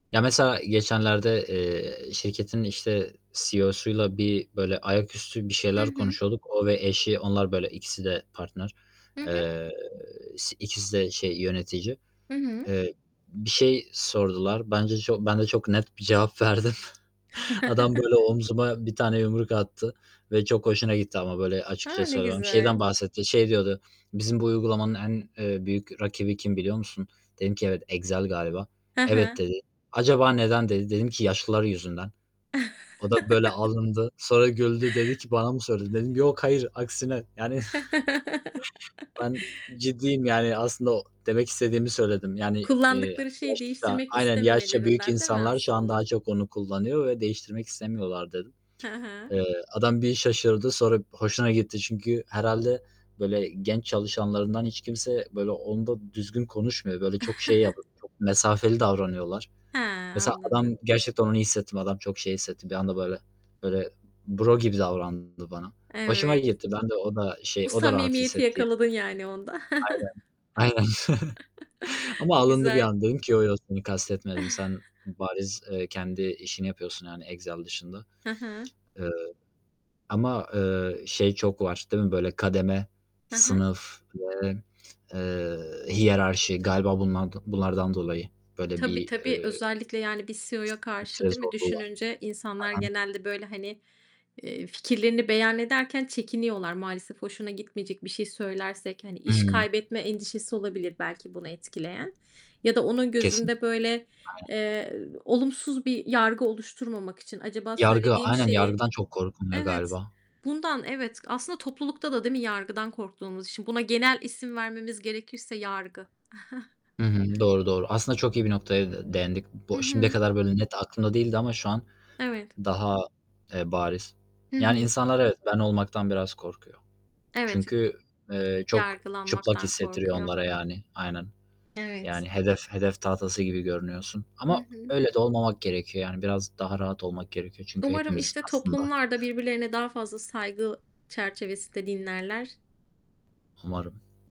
Ya, mesela geçenlerde, eee, şirketin, işte, CEO'suyla bir, böyle, ayaküstü bir Hı şeyler hı. konuşuyorduk. O ve eşi, onlar, böyle, ikisi de partner, Hı hı. eee, si ikisi de şey, yönetici. Hı hı. Eee, bir şey sordular. Bence çok ben de çok net bir cevap verdim. Adam, böyle, omzuma 1 tane yumruk attı ve çok hoşuna gitti ama, böyle, açıkça A, ne söylemem güzel. Şeyden bahsetti, şey diyordu: "Bizim bu uygulamanın en, eee, büyük rakibi kim biliyor musun?" Dedim ki: "Evet, Excel galiba." Hı "Evet." hı. dedi. "Acaba neden?" dedi. Dedim ki: "Yaşlılar yüzünden." O da, böyle, alındı. Sonra güldü, dedi ki: "Bana mı söyledin?" Dedim: "Yok hayır. Aksine, yani, ben ciddiyim." Yani, aslında o demek istediğimi söyledim yani, eee, Kullandıkları şeyi yaşça değiştirmek aynen, "Yaşça büyük istememelerinden, değil mi insanlar şu an daha aslında? çok onu kullanıyor ve değiştirmek istemiyorlar." dedim. Hı hı. Eee, adam bir şaşırdı, sonra b hoşuna gitti. Çünkü herhâlde, böyle, genç çalışanlarından hiç kimse, böyle, onda düzgün konuşmuyor. Böyle, çok şey yapıp çok mesafeli davranıyorlar. Hee, Mesela, anladım. adam gerçekten onu hissettim. Adam, çok şey hissetti. Bir anda böyle böyle, bro gibi davrandı bana. Hoşuma Evet. gitti. Ben de o da şey, O o da rahat samimiyeti hissetti, ya. yakaladın, yani, onda. Aynen. Aynen. Ama alındı bir Güzel. an. Dedim ki: "Yo, yo, seni kastetmedim. Sen bariz, eee, kendi işini yapıyorsun, yani, Excel dışında." Hı hı. Iıı, ama, ııı, şey çok var, değil mi? Böyle, kademe, Hı hı. sınıf ve, eee, hiyerarşi galiba bundan bunlardan dolayı böyle Tabii, bir, tabii. eee, Özellikle, yani, bir CEO'ya karşı, değil [unintelligible] mi, zorluğu var. düşününce insanlar Hı hı. genelde, böyle, hani, eee, fikirlerini beyan ederken çekiniyorlar maalesef. "Hoşuna gitmeyecek bir şey söylersek" hani, iş I. kaybetme endişesi olabilir, belki bunu etkileyen. Ya da onun Kesinlikle, gözünde, böyle, aynen. eee, olumsuz bir yargı oluşturmamak için, "Acaba Yargı, söylediğim aynen, şeyi" yargıdan çok korkuluyor Evet, galiba. bundan, evet, aslında toplulukta da, değil mi, yargıdan korktuğumuz için. Buna genel isim vermemiz gerekirse: Yargı. Hı hı, doğru, doğru. Aslında çok iyi bir noktaya de değindik. Hı Bo şimdiye hı. kadar böyle net aklımda değildi ama şu an Evet. daha, eee, bariz. Hı Yani, hı. insanlar, evet, ben olmaktan biraz korkuyor. Evet. Ç Çünkü, eee, çok çıplak Yargılanmaktan hissettiriyor korkuyor. onlara, yani. Aynen. Evet. Yani hedef hedef tahtası gibi görünüyorsun. Hı Ama hı. öyle de olmamak gerekiyor, yani, biraz daha rahat olmak gerekiyor. Çünkü Umarım, hepimiz işte, aslında toplumlar da birbirlerine daha fazla saygı çerçevesinde dinlerler. Umarım.